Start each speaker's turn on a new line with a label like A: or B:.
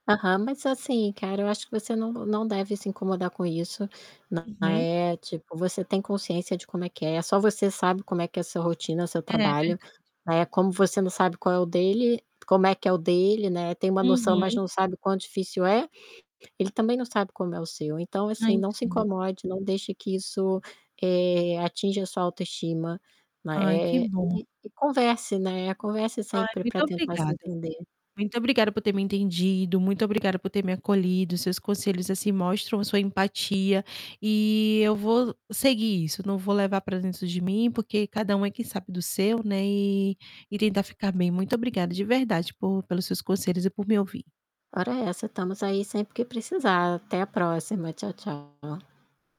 A: Aham, mas assim cara, eu acho que você não não deve se incomodar com isso, não
B: Uhum.
A: é tipo, você tem consciência de como é que é, é só você sabe como é que é a sua rotina, o seu
B: É
A: trabalho,
B: verdade.
A: né, como você não sabe qual é o dele como é que é o dele, né, tem uma noção, mas
B: Uhum.
A: não sabe o quão difícil é, ele também não sabe como é o seu, então
B: Ah,
A: assim, não se
B: entendo.
A: incomode, não deixe que isso, eh, atinja a sua autoestima, ma
B: Ai que
A: eh,
B: bom.
A: e e converse, né, converse
B: Ai,
A: sempre
B: muito
A: para tentar se
B: obrigada.
A: entender.
B: Muito obrigada por ter me entendido, muito obrigada por ter me acolhido, seus conselhos assim, mostram sua empatia, e eu vou seguir isso, não vou levar pra dentro de mim, porque cada um é quem sabe do seu, né, e e tentar ficar bem, muito obrigada de verdade, por pelos seus conselhos e por me ouvir.
A: Ora essa, estamos aí sempre que precisar. Até a próxima, tchau, tchau.